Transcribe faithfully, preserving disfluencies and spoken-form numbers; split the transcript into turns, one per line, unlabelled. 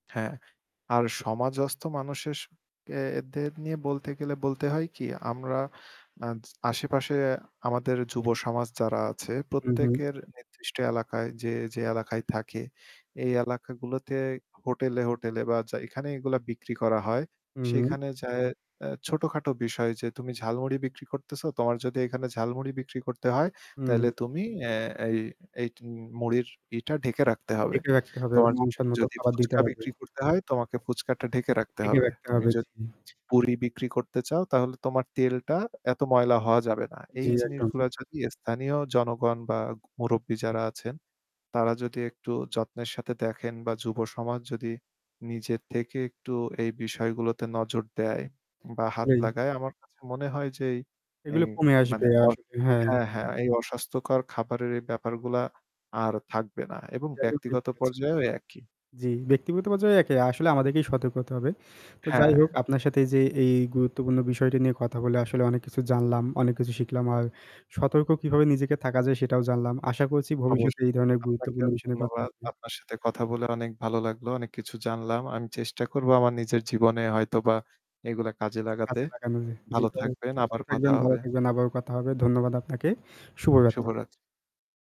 হ্যাঁ, আর সমাজস্থ মানুশেষ কে দের নিয়ে বলতে গেলে বলতে হয় কি, আমরা অ্যা আশেপাশে আমাদের যুব সমাজ যারা আছে
হুম, হুম।
প্রত্যেকের নির্দিষ্ট এলাকায় যে, যে এলাকায় থাকে, এই এলাকাগুলোতে হোটেলে, হোটেলে বা চা এখানে এগুলা বিক্রি করা হয়,
হুম।
সেখানে যায়ে অ্যা ছোটখাটো বিষয় যে তুমি ঝালমুড়ি বিক্রি করতেছো, তোমার যদি এখানে ঝালমুড়ি বিক্রি করতে হয় তাইলে
হুম।
তুমি অ্যা এই, এই তুমি মুড়ির ইটা ঢেকে রাখতে হবে।
ঢেকে রাখতে হবে এবং
তোমার
মানসম্মত
যদি
খাবার দিতে
ফুচকা
হবে।
বিক্রি করতে হয়, তোমাকে ফুচকাটা ঢেকে রাখতে
ঢেখে
হবে।
রাখতে
তুমি
হবে। জি।
যদি পুড়ি বিক্রি করতে চাও, তাহলে তোমার তেলটা এত ময়লা হওয়া যাবে না।
জি,
এই
একদম।
জিনিসগুলা যদি স্থানীয় জনগণ বা মুরুব্বি যারা আছেন, তারা যদি একটু যত্নের সাথে দেখেন বা যুব সমাজ যদি নিজের থেকে একটু এই বিষয়গুলোতে নজর দেয় বা হাত
আসলেই।
লাগায়, আমার কাছে মনে হয় যে এই, এই
এগুলো কমে আসবে।
মানে অর
আসলেই, হ্যাঁ।
হ্যাঁ, হ্যাঁ এই অস্বাস্থ্যকর খাবারের এই ব্যাপারগুলা আর থাকবে না এবং
এটা একদম ঠিক
ব্যক্তিগত
বলেছেন।
পর্যায়েও একই।
জি, ব্যক্তিগত পর্যায়ে একে আসলে আমাদেরকেই সতর্ক হতে হবে। তো যাই
হ্যাঁ।
হোক আপনার সাথে এই যে এই গুরুত্বপূর্ণ বিষয়টি নিয়ে কথা বলে আসলে অনেক কিছু জানলাম, অনেক কিছু শিখলাম। আর সতর্ক কিভাবে নিজেকে থাকা যায় সেটাও জানলাম। আশা করেছি
অবশ
ভবিষ্যতে এই ধরণের
আপনাকেও
গুরুত্বপূর্ণ বিষয় নিয়ে কথা
ধন্যবাদ।
হবে।
আপনার সাথে কথা বলে অনেক ভালো লাগলো। অনেক কিছু জানলাম। আমি চেষ্টা করব আমার নিজের জীবনে হয়তোবা এগুলা কাজে লাগাতে।
কাজে লাগানো যায়। জি,
ভালো
তাহলে
থাকবেন।
সুস্থ
আবার কথা
থাকবেন, ভালো
হবে।
থাকবেন। আবারও কথা হবে। ধন্যবাদ আপনাকে। শুভরাত্রি।
শুভরাত্রি।